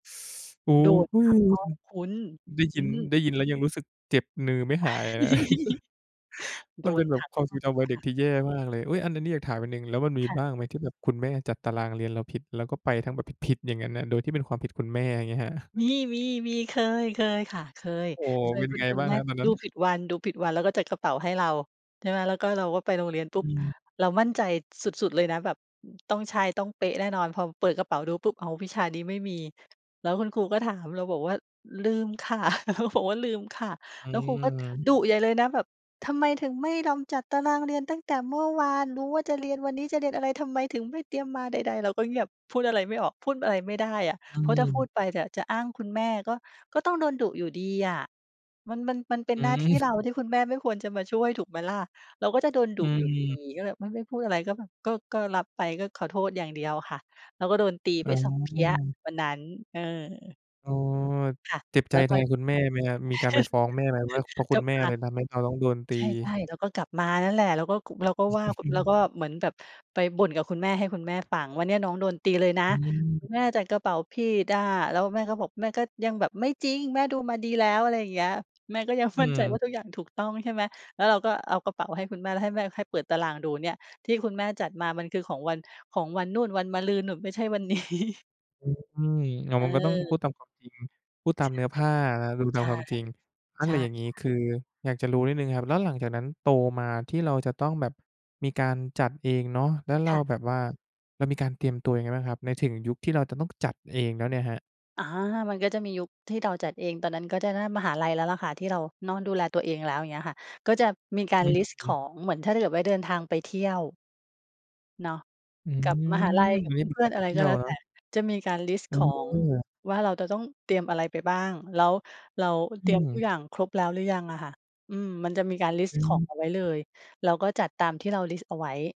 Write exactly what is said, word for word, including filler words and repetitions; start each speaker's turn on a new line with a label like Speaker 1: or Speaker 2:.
Speaker 1: โอ้
Speaker 2: โดน
Speaker 1: โฮ
Speaker 2: ทั้งห้องคุณ
Speaker 1: ได้ย
Speaker 2: อ
Speaker 1: ิ
Speaker 2: ื
Speaker 1: น ไ
Speaker 2: ม
Speaker 1: ด้ยินแล้วยังรู้สึกเจ็บนือไม่หายเลยนะ
Speaker 2: โ
Speaker 1: ม
Speaker 2: ด
Speaker 1: ันเป
Speaker 2: น
Speaker 1: ็นแบ
Speaker 2: ท
Speaker 1: บ
Speaker 2: ั้ง
Speaker 1: ความ
Speaker 2: ห
Speaker 1: ท
Speaker 2: ้
Speaker 1: ร
Speaker 2: อ
Speaker 1: ง
Speaker 2: ง
Speaker 1: จำวัย
Speaker 2: ค
Speaker 1: เด็
Speaker 2: ่
Speaker 1: ก
Speaker 2: ะ
Speaker 1: ที่แย่มากเลย อุ๊ย อัน อันนี้อยากถามอันหนึ่ง แล้วมันมี
Speaker 2: ค่
Speaker 1: บ
Speaker 2: ะ
Speaker 1: ้างไหมที่แบบคุณแม่จัดตารางเรียนเราผิด เราก็ไปแบบผิด ๆ อย่างงั้นอะ โดยที่เป็นความผิดคุณแม่ อย่างเงี้ยครับ?
Speaker 2: มี ๆ ๆ เคย เคยค่ะ เคย
Speaker 1: โอ้
Speaker 2: เค
Speaker 1: เ
Speaker 2: ย
Speaker 1: ป็น
Speaker 2: ค
Speaker 1: ไง
Speaker 2: ุ้น
Speaker 1: บ้าง
Speaker 2: ๆ ว่
Speaker 1: ค
Speaker 2: า
Speaker 1: รับตอนน
Speaker 2: ด
Speaker 1: ั
Speaker 2: ู
Speaker 1: ้น?
Speaker 2: ผิดวัน ดูผิดวัน แล้วก็จัดกระเป๋าให้เรา ใช่ไหม แล้วก็เราก็ไปโรงเรียนปุ๊
Speaker 1: อ
Speaker 2: บ
Speaker 1: ืม
Speaker 2: เรามั่นใจสุด ๆ เลยนะ แบบ อ ต้องใช่ ต้องเป๊ะแน่นอน พอเปิดกระเป๋าดูปุ๊บ อ้าว วิชานี้ไม่มี แล้วคุณครูก็ถาม เราบอกว่า "ลืมค่ะ" บอกว่า "ลืมค่ะ"
Speaker 1: อื
Speaker 2: แล้วครูก็
Speaker 1: ม
Speaker 2: ดุใหญ่เลยนะ แบบ "ทำไมถึงไม่รำ จัดตารางเรียนตั้งแต่เมื่อวาน? รู้ว่าจะเรียน วันนี้จะเรียนอะไร? ทำไมถึงไม่เตรียมมา?" ใด ๆ เราก็เงียบ พูดอะไรไม่ออก พูดอะไรไม่ได้อะ
Speaker 1: อื
Speaker 2: เพราะถ้าพู
Speaker 1: ม
Speaker 2: ดไปเนี่ยจะอ้างคุณแม่ก็ ก็ต้องโดนดุอยู่ดีอะ มัน มัน มันเป็
Speaker 1: อ
Speaker 2: นหน้าที่
Speaker 1: ืม
Speaker 2: เรา ที่คุณแม่ไม่ควรจะมาช่วยถูกไหมล่ะ เราก็จะโดนดุ
Speaker 1: อื
Speaker 2: อยู่ดี
Speaker 1: ม
Speaker 2: ก็เลยไม่ ไม่พูดอะไรก็แบบ ก็ ก็รับไป ก็ขอโทษอย่างเดียวค่ะ เราก็โดนตี
Speaker 1: อ
Speaker 2: ไป
Speaker 1: ๋
Speaker 2: สอง เพี๊ยะ
Speaker 1: อ
Speaker 2: วันนั้น เออ
Speaker 1: อ๋อ
Speaker 2: ค่ะ
Speaker 1: เจ็บใ
Speaker 2: แล
Speaker 1: จ
Speaker 2: ้ว
Speaker 1: แ
Speaker 2: พ
Speaker 1: ท
Speaker 2: อ
Speaker 1: นคุณแม่ไหมครับ มีการไปฟ้องแม่ไหมว่า เพราะค
Speaker 2: ก
Speaker 1: ุ
Speaker 2: ลั
Speaker 1: ณ
Speaker 2: บ
Speaker 1: แม่
Speaker 2: มา
Speaker 1: เลยทำให้เราต้องโดนต
Speaker 2: ใช
Speaker 1: ี?
Speaker 2: ่ ๆ เราก็กลับมานั่นแหละ เราก็ ก เราก็ว่า เราก็เหมือนแบบไปบ่นกับคุณแม่ ให้คุณแม่ฟังว่า "เนี่ยวันนี้น้องโดนตีเลยนะ
Speaker 1: อืม
Speaker 2: คุณแม่จัดกระเป๋าผิดอะ" แล้วแม่ก็บอก แม่ก็ยังแบบ "ไม่จริง แม่ดูมาดีแล้ว" อะไรอย่างเงี้ย แม่ก็ยัง
Speaker 1: อื
Speaker 2: มั่นใจว่
Speaker 1: ม
Speaker 2: าทุกอย่างถูกต้อง ใช่ไหม แล้วเราก็เอากระเป๋าให้คุณแม่ แล้วให้แม่ ให้เปิดตารางดูเนี่ย ที่คุณแม่จัดมามันคือของวัน ของวันนู่น วันมะรืนนู่น ไม่ใช่วัน นี้
Speaker 1: อือ อา มันก็ต้องพ
Speaker 2: เออ
Speaker 1: ูดตามความจริง พูดตา
Speaker 2: ใช
Speaker 1: ม
Speaker 2: ่
Speaker 1: เนื้อผ้า อา ดูต
Speaker 2: ใช
Speaker 1: าม
Speaker 2: ่
Speaker 1: ความจริง อะ
Speaker 2: ใช
Speaker 1: ไร
Speaker 2: ่
Speaker 1: อย่างงี
Speaker 2: ค
Speaker 1: ้
Speaker 2: ่ะ
Speaker 1: คืออยากจะรู้นิดหนึ่งครับ แล้วหลังจากนั้นโตมา ที่เราจะต้องแบบมีการจัดเองเนาะ แล้วเร
Speaker 2: ค
Speaker 1: า
Speaker 2: ่ะ
Speaker 1: แบบว่า เรามีการเตรียมตัวยังไงบ้างครับ ใน ถึงยุคที่เราจะต้องจัดเองแล้วเนี่ยครับ?
Speaker 2: อา มันก็จะมียุคที่เราจัดเอง ตอนนั้นก็จะน่า มหาลัยแล้วล่ะค่ะ ที่เราเนาะดูแลตัวเองแล้ว อย่างเงี้ยค่ะ ก็จะมีกา
Speaker 1: อ
Speaker 2: ร
Speaker 1: ือ
Speaker 2: ลิสต์
Speaker 1: ฮ
Speaker 2: ข
Speaker 1: ึ
Speaker 2: อง เหมือนถ้าเกิดว่าเดินทางไปเที่ยว เนาะ
Speaker 1: อื
Speaker 2: กับมหาลั
Speaker 1: ม
Speaker 2: ย กับ
Speaker 1: เรียกเป็
Speaker 2: เ
Speaker 1: น
Speaker 2: พื
Speaker 1: ก
Speaker 2: ่
Speaker 1: า
Speaker 2: อ
Speaker 1: ร
Speaker 2: น
Speaker 1: ไ
Speaker 2: ๆ
Speaker 1: ป
Speaker 2: อะไร
Speaker 1: เที่
Speaker 2: ก็
Speaker 1: ยว
Speaker 2: แล้ว
Speaker 1: เน
Speaker 2: แ
Speaker 1: า
Speaker 2: ต
Speaker 1: ะ?
Speaker 2: ่ จะมีการลิสต์ของ
Speaker 1: เออ
Speaker 2: ว่าเราจะต้องเตรียมอะไรไปบ้าง แล้วเราเ
Speaker 1: อ
Speaker 2: ตรียมทุก
Speaker 1: ือ
Speaker 2: อย่างครบแล้วหรือยังอะค่ะ อืม มันจะมีการลิส
Speaker 1: อ
Speaker 2: ต
Speaker 1: ื
Speaker 2: ์ขอ
Speaker 1: ม
Speaker 2: งเอาไว้เลย เราก็จัดตามที่เราลิสต์เอาไว้